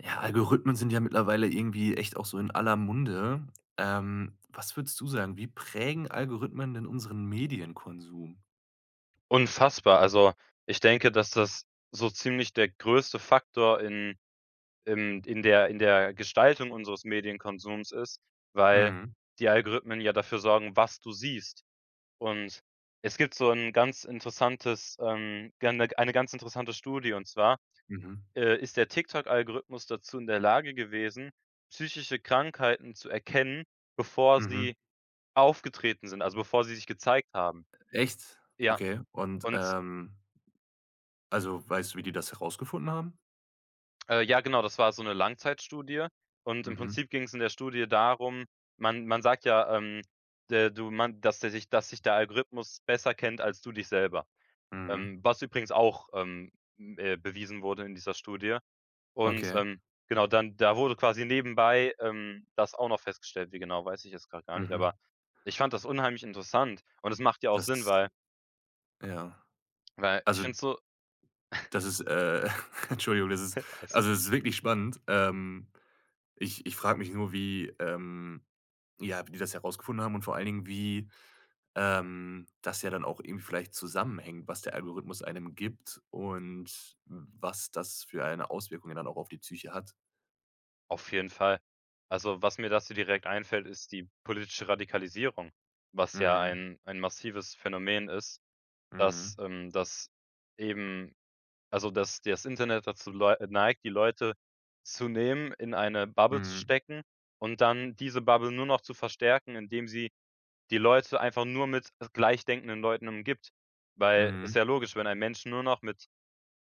Ja, Algorithmen sind ja mittlerweile irgendwie echt auch so in aller Munde. Ähm, was würdest du sagen, wie prägen Algorithmen denn unseren Medienkonsum? Unfassbar. Also, ich denke, dass das so ziemlich der größte Faktor in im in der in der Gestaltung unseres Medienkonsums ist, weil Mhm. die Algorithmen ja dafür sorgen, was du siehst. Und es gibt so 'n ganz interessantes, ähm, ge eine ganz interessante Studie. Und zwar, Mhm. äh, ist der TikTok Algorithmus dazu in der Lage gewesen, psychische Krankheiten zu erkennen, bevor Mhm. sie aufgetreten sind, also, bevor sie sich gezeigt haben. Echt? Ja. Okay, und Und ähm also, weißt du, wie die das herausgefunden haben? Äh, ja genau, das war so 'ne Langzeitstudie und im Mhm. Prinzip ging's in der Studie darum, man man sagt ja, ähm, de du man, dass der sich dass sich der Algorithmus besser kennt als du dich selber, Mhm. ähm, was übrigens auch, ähm, äh, bewiesen wurde in dieser Studie. Und, Okay. ähm, genau, dann da wurde quasi nebenbei, ähm, das auch noch festgestellt, wie genau, weiß ich jetzt grad gar nicht, Mhm. aber ich fand das unheimlich interessant und es macht ja auch Das Sinn, ist, weil ja. weil ich Also finde so das ist, äh Entschuldigung, das ist Alles also, es ist wirklich spannend. Ähm, ich ich frage mich nur, wie, ähm ja, wie die das herausgefunden haben und vor allen Dingen, wie, ähm, das ja dann auch eben vielleicht zusammenhängt, was der Algorithmus einem gibt und w was das für eine Auswirkung ja dann auch auf die Psyche hat. Auf jeden Fall. Also, was mir dazu direkt einfällt, ist die politische Radikalisierung, was ja Mhm. ein ein massives Phänomen ist, Mhm. dass, ähm dass eben also dass das Internet dazu leu neigt, die Leute zu nehmen, in eine Bubble zu Mhm. stecken und dann diese Bubble nur noch zu verstärken, indem sie die Leute einfach nur mit gleichdenkenden Leuten umgibt. Weil ist Mhm. ja logisch, wenn ein Menschen nur noch mit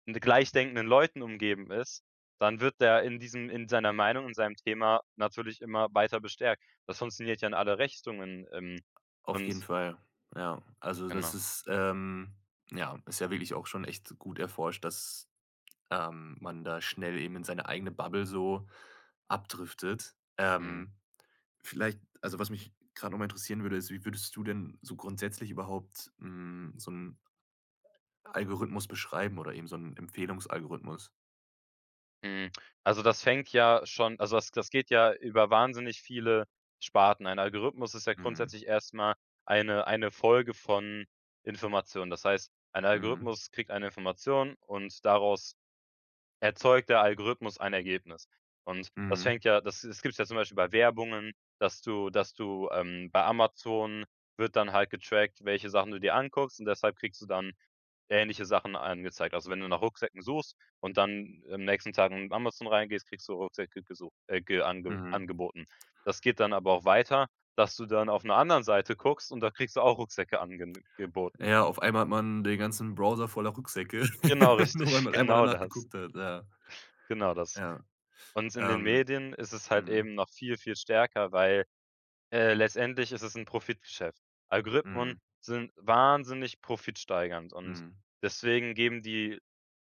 n gleichdenkenden Leuten umgeben ist, dann wird der in diesem in seiner Meinung, in seinem Thema natürlich immer weiter bestärkt. Das funktioniert ja in alle Richtungen, ähm, Auf jeden und Fall, ja. Also, das Genau. ist, ähm ja, ist ja wirklich auch schon echt gut erforscht, dass, ähm, man da schnell eben in seine eigene Bubble so abdriftet. Mhm. Ähm, vielleicht also, was mich grad noch mal interessieren würde, ist, wie würdest du denn so grundsätzlich überhaupt, hm, so 'n Algorithmus beschreiben oder eben so 'n Empfehlungsalgorithmus? Hm, also das fängt ja schon also das das geht ja über wahnsinnig viele Sparten. Ein Algorithmus ist ja Mhm. grundsätzlich erst mal eine eine Folge von Informationen. Das heißt, ein Mhm. Algorithmus kriegt eine Information und daraus erzeugt der Algorithmus ein Ergebnis. Und das Mhm. fängt ja das es gibt's ja zum Beispiel bei Werbungen, dass du dass du, ähm bei Amazon wird dann halt getrackt, welche Sachen du dir anguckst, und deshalb kriegst du dann ähnliche Sachen angezeigt. Also wenn du nach Rucksäcken suchst und dann im nächsten Tagen in Amazon reingehst, kriegst du Rucksäcke gesucht, äh ge ange Mhm. angeboten. Das geht dann aber auch weiter, dass du dann auf 'ner anderen Seite guckst und da kriegst du auch Rucksäcke angene geboten. Ja, auf einmal hat man den ganzen Browser voller Rückseite, Genau nur weil richtig, man einmal genau danach das. geguckt hat. Ja, Genau das. ja, Und in den ähm, Medien ist es halt mhm. eben noch viel, viel stärker, weil, äh, letztendlich ist es 'n Profitgeschäft. Algorithmen Mhm. sind wahnsinnig profitsteigernd und Mhm. deswegen geben die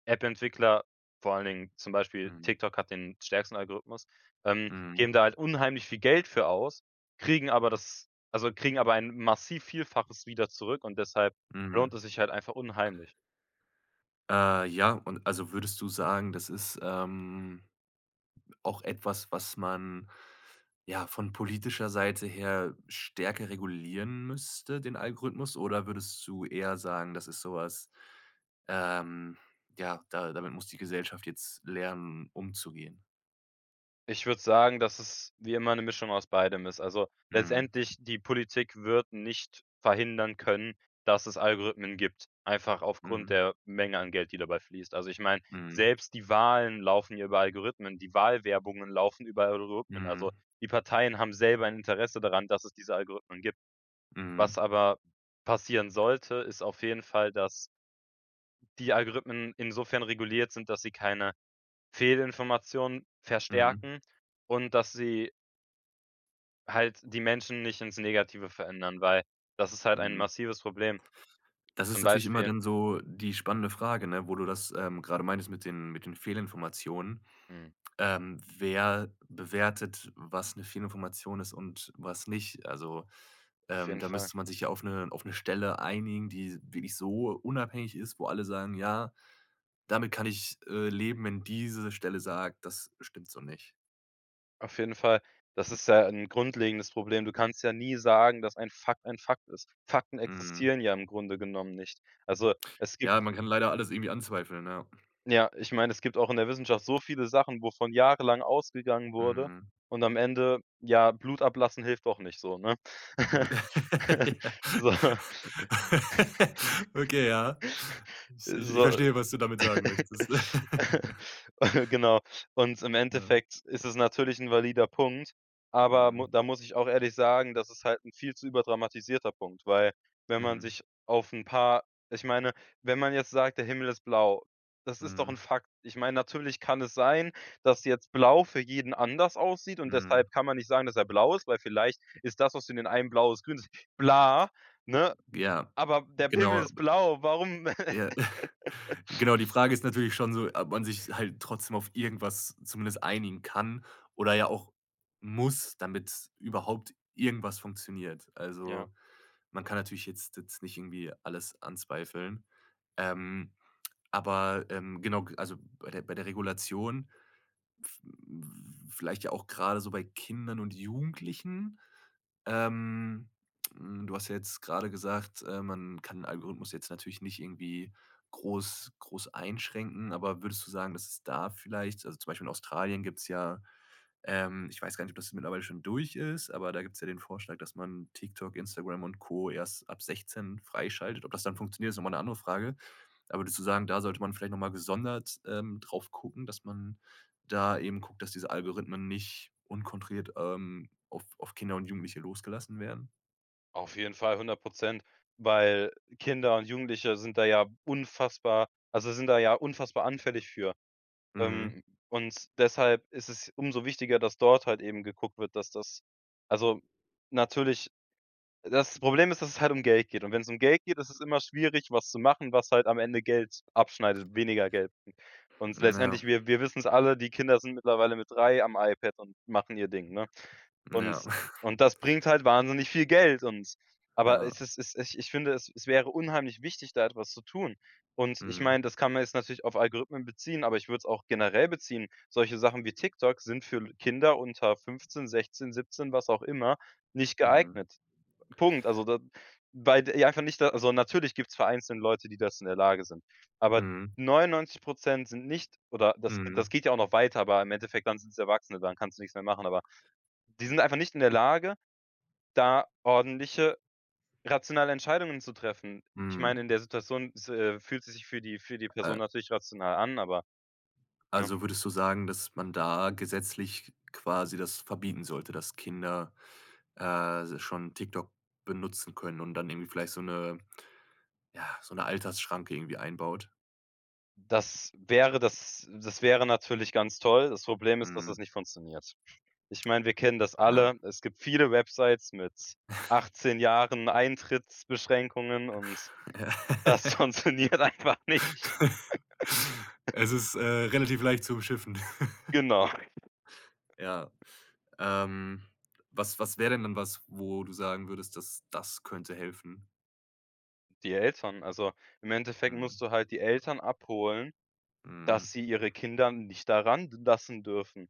App-Entwickler vor allen Dingen zum Beispiel Mhm. TikTok hat den stärksten Algorithmus, ähm, Mhm. geben da halt unheimlich viel Geld für aus, kriegen aber das also kriegen aber ein massiv Vielfaches wieder zurück und deshalb lohnt Mhm. es sich halt einfach unheimlich. Äh, ja, und also würdest du sagen, das ist, ähm, auch etwas, was man ja von politischer Seite her stärker regulieren müsste, den Algorithmus? Oder würdest du eher sagen, das ist so was ähm, ja, da damit muss die Gesellschaft jetzt lernen umzugehen? Ich würde sagen, dass es wie immer 'ne Mischung aus beidem ist. Also, Mhm. letztendlich, die Politik wird nicht verhindern können, dass es Algorithmen gibt, einfach aufgrund Mhm. der Menge an Geld, die dabei fließt. Also ich meine, Mhm. selbst die Wahlen laufen ja über Algorithmen, die Wahlwerbungen laufen über Algorithmen. Also, Mhm. die Parteien haben selber ein Interesse daran, dass es diese Algorithmen gibt. Was Mhm. aber passieren sollte, ist auf jeden Fall, dass die Algorithmen insofern reguliert sind, dass sie keine Fehlinformationen Mhm. verstärken und dass sie halt die Menschen nicht ins Negative verändern, weil das ist halt ein Mhm. massives Problem. Das ist Zum natürlich immer Beispiel dann so die spannende Frage, ne, wo du das, ähm, grade meintest mit den mit den Fehlinformationen. Hm. Ähm, wer bewertet, was 'ne Fehlinformationen ist und was nicht? Also, Auf ähm, jeden da Fall. müsste man sich ja auf 'ne auf 'ne Stelle einigen, die wirklich so unabhängig ist, wo alle sagen: „Ja, damit kann ich, äh, leben, wenn diese Stelle sagt, das stimmt so nicht.“ Auf jeden Fall, das ist ja 'n grundlegendes Problem. Du kannst ja nie sagen, dass ein Fakt ein Fakt ist. Fakten Mhm. existieren ja im Grunde genommen nicht. Also, es gibt Ja, man kann leider alles irgendwie anzweifeln, ja. ja, ich meine, es gibt auch in der Wissenschaft so viele Sachen, wovon jahrelang ausgegangen wurde, Mhm. und am Ende, ja, Blut ablassen hilft doch nicht so, ne? Mhm. Ja. So Okay, ja. I ich ich so, verstehe, was du damit sagen möchtest. genau. Und im Ja. Endeffekt ist es natürlich 'n valider Punkt, aber Mhm. mu da muss ich auch ehrlich sagen, das ist halt 'n viel zu überdramatisierter Punkt, weil, wenn man Mhm. sich auf 'n paar ich meine, wenn man jetzt sagt, der Himmel ist blau, das ist doch 'n Mhm. Fakt. Ich meine, natürlich kann es sein, dass jetzt blau für jeden anders aussieht, und Mhm. deshalb kann man nicht sagen, dass er blau ist, weil vielleicht ist das, was für den einen blau ist, grün ist, bla, ne? Ja, Aber der genau, Himmel ist abe blau. Warum? Ja. Genau, die Frage ist natürlich schon so, ob man sich halt trotzdem auf irgendwas zumindest einigen kann oder ja auch muss, damit überhaupt irgendwas funktioniert. Also, Ja. man kann natürlich jetzt jetzt nicht irgendwie alles anzweifeln, ähm, aber, ähm, genau, g also bei der bei der Regulation, v vielleicht ja auch grade so bei Kindern und Jugendlichen. Ähm, hm, du hast ja jetzt grade gesagt, äh, man kann 'n Algorithmus jetzt natürlich nicht irgendwie groß groß einschränken, aber würdest du sagen, dass es da vielleicht also zum Beispiel in Australien gibt's ja ähm, ich weiß gar nicht, ob das mittlerweile schon durch ist, aber da gibt's ja den Vorschlag, dass man TikTok, Instagram und Co. erst ab 16 freischaltet. Ob das dann funktioniert, ist noch mal 'ne andere Frage. Aber würdest du sagen, da sollte man vielleicht noch mal gesondert, ähm, drauf gucken, dass man da eben guckt, dass diese Algorithmen nicht unkontrolliert, ähm, auf auf Kinder und Jugendliche losgelassen werden? Auf jeden Fall 100 %, weil Kinder und Jugendliche sind da ja unfassbar also, sind da ja unfassbar anfällig für. Mhm. Ähm, und deshalb ist es umso wichtiger, dass dort halt eben geguckt wird, dass das also, natürlich, das Problem ist, dass es halt um Geld geht. Und wenn's um Geld geht, ist es immer schwierig, was zu machen, was halt am Ende Geld abschneidet, weniger Geld m und s Hm, ja. letztendlich, wir wir wissen's alle, die Kinder sind mittlerweile mit 3 am iPad und machen ihr Ding, ne? Hm, ja. Und und das bringt halt wahnsinnig viel Geld. Und aber Ja. es es es ich ich finde, es wäre unheimlich wichtig, da etwas zu tun. Und ich Mhm. meine, das kann man jetzt natürlich auf Algorithmen beziehen, aber ich würde es auch generell beziehen. Solche Sachen wie TikTok sind für Kinder unter 15, 16,, 17, was auch immer nicht Mhm. geeignet. Punkt. Also, da weil die einfach nicht da also, natürlich gibt es vereinzelt Leute, die dazu in der Lage sind. Aber Mhm. 99 % sind nicht oder das g das Mhm. geht ja auch noch weiter, aber im Endeffekt dann sind's Erwachsene, dann kannst du nix mehr machen. Aber die sind einfach nicht in der Lage, da ordentliche, rationale Entscheidungen zu treffen. Ich meine, Mhm. in der Situation s äh, fühlt es sich für die für die Person Äh natürlich rational an, aber ne? Also, würdest du sagen, dass man da gesetzlich quasi das verbieten sollte, dass Kinder, äh, se schon TikTok benutzen können und dann irgendwie vielleicht so 'ne ja, so 'ne Altersschranke irgendwie einbaut? Das wäre das das wäre natürlich ganz toll. Das Problem ist, dass das Mhm. nicht funktioniert. Ich meine, wir kennen das Ja. alle. Es gibt viele Websites mit 18 Jahren Eintrittsbeschränkungen und Ja. das funktioniert einfach nicht. Also, es ist, äh, relativ leicht zu umschiffen. Genau. Ja. Ähm, was was wäre denn dann was, wo du sagen würdest, das das könnte helfen? Die Eltern. Also, im Endeffekt musst Mhm. du halt die Eltern abholen, Mhm. dass sie ihre Kinder nicht da ran lassen dürfen.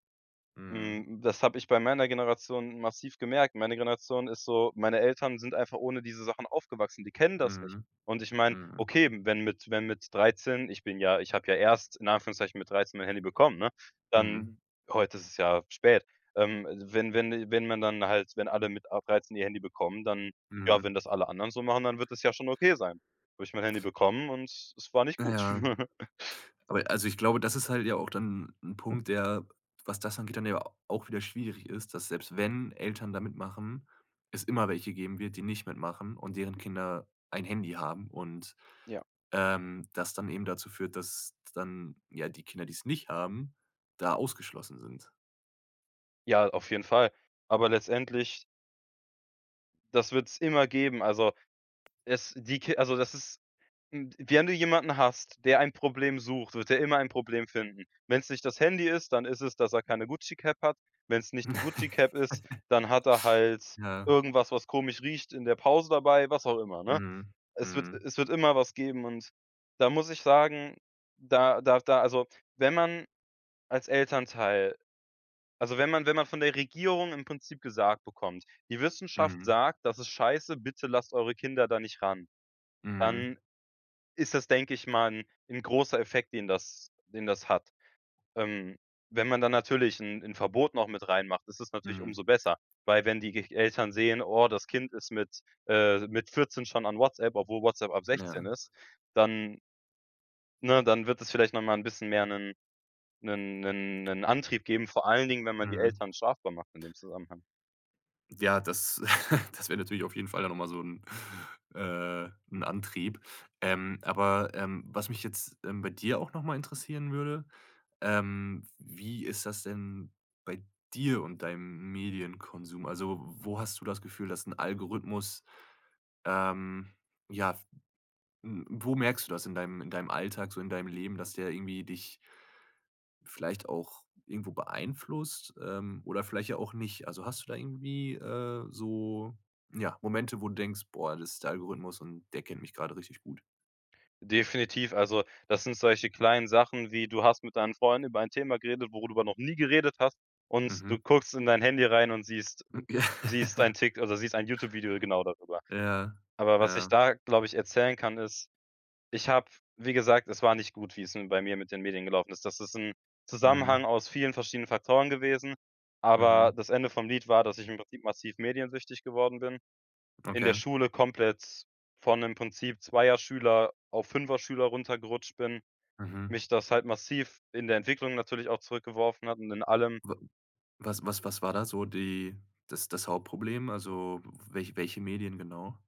Mhm. Hm, das habe ich bei meiner Generation massiv gemerkt. Meine Generation ist so meine Eltern sind einfach ohne diese Sachen aufgewachsen, die kennen das nicht. Mhm. Und ich meine, Mhm. okay, wenn mit wenn mit 13 ich bin ja ich habe ja erst in Anführungszeichen mit 13 mein Handy bekommen, ne? Mhm. Dann heute ist es ja spät. Ähm, wenn wenn wenn man dann halt wenn alle mit ab 13 ihr Handy bekommen, dann ja wenn Mhm. das alle anderen so machen, dann wird das ja schon okay sein. Habe ich mein Handy bekommen, und es war nicht gut. Ja. Aber also ich glaube, das ist halt ja auch dann 'n Punkt, der, was das angeht, dann ja auch wieder schwierig ist, dass selbst wenn Eltern da mitmachen, es immer welche geben wird, die nicht mitmachen und deren Kinder ein Handy haben und, Ja. ähm, das dann eben dazu führt, dass dann ja die Kinder, die es nicht haben, da ausgeschlossen sind. Ja, auf jeden Fall, aber letztendlich Das wird es immer geben. Also es die Ki also das ist, hm wenn du jemanden hast, der ein Problem sucht, wird der immer ein Problem finden. Wenn es nicht das Handy ist, dann ist es, dass er keine Gucci-Cap hat. Wenn es nicht die Gucci-Cap ist, dann hat er halt Ja. irgendwas, was komisch riecht in der Pause dabei, was auch immer, ne? Mhm, Es wird mhm. es wird immer was geben. Und da muss ich sagen, da da da also wenn man als Elternteil also wenn man wenn man von der Regierung im Prinzip gesagt bekommt: „Die Wissenschaft Mhm. sagt, das ist scheiße, bitte lasst eure Kinder da nicht ran". Mhm. Dann ist das, denke ich mal 'n-'n großer Effekt, den das den das hat. Ähm, wenn man dann natürlich 'n 'n Verbot noch mit reinmacht, ist das natürlich Mhm. umso besser. Weil wenn die g Eltern sehen: „Oh, das Kind ist mit äh, mit 14 schon an WhatsApp", obwohl WhatsApp ab 16 Ja. ist, dann ne, dann wird es vielleicht noch mal 'n bisschen mehr 'nen 'nen 'nen 'nen Antrieb geben. Vor allen Dingen, wenn man die Mhm. Eltern strafbar macht in dem Zusammenhang. Ja, das das wäre natürlich auf jeden Fall dann noch mal son 'n, äh 'n Antrieb. Ähm, aber, ähm, was mich jetzt, ähm, bei dir auch noch mal interessieren würde, ähm: Wie ist das denn bei dir und deinem Medienkonsum? Also, wo hast du das Gefühl, dass 'n Algorithmus, ähm ja, w wo merkst du das in deinem in deinem Alltag, so in deinem Leben, dass der irgendwie dich vielleicht auch irgendwo beeinflusst, ähm, oder vielleicht ja auch nicht? Also, hast du da irgendwie, äh, so, ja, Momente, wo du denkst: „Boah, das ist der Algorithmus und der kennt mich grade richtig gut?“ Definitiv. Also, das sind solche kleinen Sachen wie: Du hast mit deinen Freunden über ein Thema geredet, worüber du noch nie geredet hast. Und du Mhm. guckst in dein Handy rein und siehst M ja. siehst dein Tik also siehst ein YouTube-Video genau darüber. Ja, Aber was ich ja. da, glaube ich, erzählen kann, ist: Ich habe, wie gesagt es war nicht gut, wie's bei mir mit den Medien gelaufen ist. Das ist 'n Mhm. Zusammenhang aus vielen verschiedenen Faktoren gewesen. Aber Mhm. das Ende vom Lied war, dass ich im Prinzip massiv mediensüchtig geworden bin. In der Okay. Schule komplett von im Prinzip zweier Schüler auf fünfer Schüler runtergerutscht bin, Mhm. mich das halt massiv in der Entwicklung natürlich auch zurückgeworfen hat und in allem. W was was was war da so die das das Hauptproblem, also w welche welche Medien genau?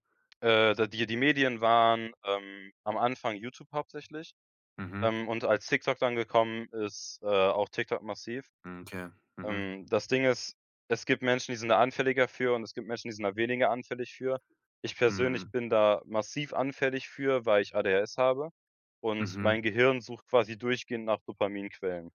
Äh, d die die Medien waren, ähm, am Anfang YouTube hauptsächlich. Mhm. Ähm, und als TikTok dann gekommen ist, äh, auch TikTok massiv. Mhm, okay, mhm. Ähm, das Ding ist, es gibt Menschen, die sind da anfälliger für und es gibt Menschen, die sind da weniger anfällig für. Ich persönlich Mhm. bin da massiv anfällig für, weil ich ADHS habe und Mhm. mein Gehirn sucht quasi durchgehend nach Dopaminquellen.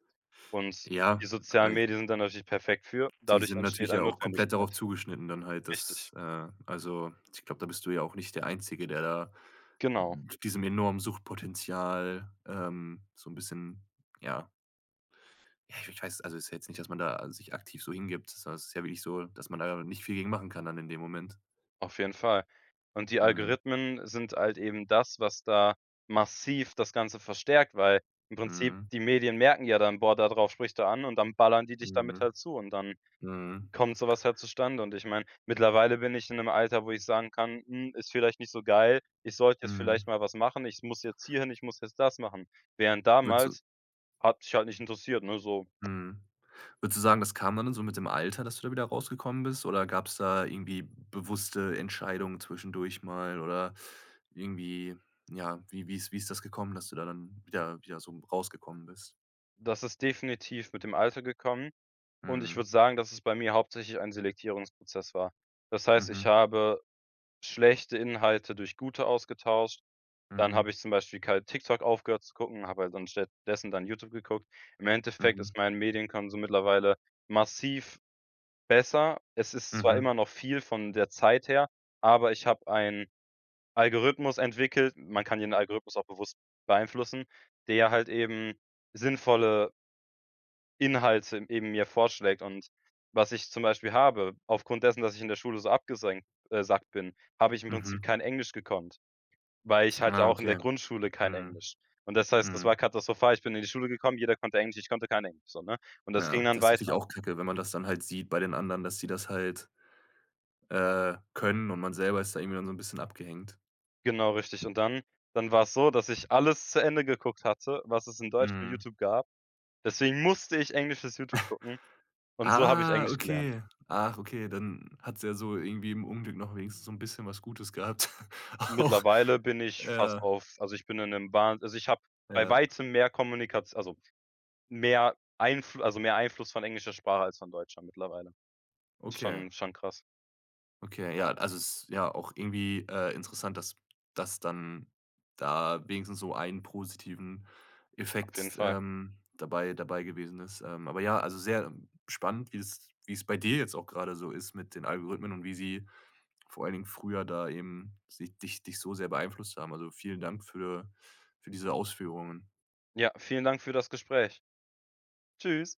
Und Ja, die sozialen äh Medien sind dann natürlich perfekt für und Die dadurch sind entsteht natürlich eine ja auch komplett darauf Notwendigkeit. zugeschnitten dann halt, Richtig. dass, äh also ich glaube, da bist du ja auch nicht der Einzige, der da Genau. diesem enormen Suchtpotenzial, ähm, so 'n bisschen, ja Ja, ich w ich weiß, also ist ja jetzt nicht, dass man da sich aktiv so hingibt. Sondern ist ja wirklich so, dass man da nicht viel gegen machen kann dann in dem Moment. Auf jeden Fall. Und die Mhm. Algorithmen sind halt eben das, was da massiv das Ganze verstärkt, weil im Prinzip, Mhm. die Medien merken ja dann: „Boah, da drauf spricht er an“ und dann ballern die dich damit Mhm, halt zu und dann mhm. kommt so was halt zustande. Und ich meine, mittlerweile bin ich in 'nem Alter, wo ich sagen kann: „Hm, ist vielleicht nicht so geil. Ich sollte jetzt vielleicht Mhm. mal was machen. Ich muss jetzt hier hin, ich muss jetzt das machen.“ Während Würdest du damals, hat mich halt nicht interessiert, ne, so. Mhm. Würdest du sagen, das kann dann in so mit dem Alter, dass du da wieder rausgekommen bist oder gab's da irgendwie bewusste Entscheidungen zwischendurch mal oder irgendwie, ja wie wie ist wie ist das gekommen, dass du da dann wieder wieder so m rausgekommen bist? Das ist definitiv mit dem Alter gekommen. Und ich Mhm. würde sagen, dass es bei mir hauptsächlich ein Selektierungsprozess war. Das heißt, ich Mhm. habe schlechte Inhalte durch gute ausgetauscht. Dann habe Mhm. ich zum Beispiel kalt TikTok aufgehört zu gucken, habe halt dann an stattdessen dann YouTube geguckt. Im Endeffekt Mhm. ist mein Medienkonsum mittlerweile massiv besser. Es ist zwar Mhm. immer noch viel, von der Zeit her, aber ich habe einen Algorithmus entwickelt. Man kann ja den Algorithmus auch bewusst beeinflussen, der halt eben sinnvolle Inhalte eben mir vorschlägt. Und was ich zum Beispiel habe, aufgrund dessen, dass ich in der Schule so abgesenkt, äh sackt bin, habe ich im Prinzip Mhm. kein Englisch gekonnt, weil ich halt ja Ah, auch in der okay. Grundschule kein Mhm. Englisch. Und das heißt, das war Mhm. katastrophal. Ich bin in die Schule gekommen, jeder konnte Englisch, ich konnte kein Englisch, so, ne? Und das Ja, ging dann das ist natürlich weiter. auch kacke, wenn man das dann halt sieht bei den anderen, dass die das halt äh, können und man selber ist da irgendwie dann so 'n bisschen abgehängt. Genau richtig. Und dann dann war's so, dass ich alles zu Ende geguckt hatte, was es in Deutsch für Mhm. YouTube gab. Deswegen musste ich englisches YouTube gucken und so habe ich Ah, Englisch gelernt. okay. Ach, okay, dann hat's ja so irgendwie im Unglück noch wenigstens so 'n bisschen was Gutes gehabt, auch. Mittlerweile bin ich fast Ja. auf also ich bin in 'nem Bahn also, ich habe bei Ja. Weitem mehr Kommunikation also mehr Einflu also mehr Einfluss von englischer Sprache als von deutscher mittlerweile. Okay. Schon schon krass. Okay, ja, also es ist ja auch irgendwie, äh, interessant, dass das dann da wenigstens so ein positiven Auf jeden Effekt, Fall. ähm, dabei dabei gewesen ist. Ähm, aber ja, also sehr spannend, wie es wie es bei dir jetzt auch gerade so ist mit den Algorithmen und wie sie vor allen Dingen früher da eben sich dich dich so sehr beeinflusst haben. Also vielen Dank für für diese Ausführungen. Ja, vielen Dank für das Gespräch. Tschüss.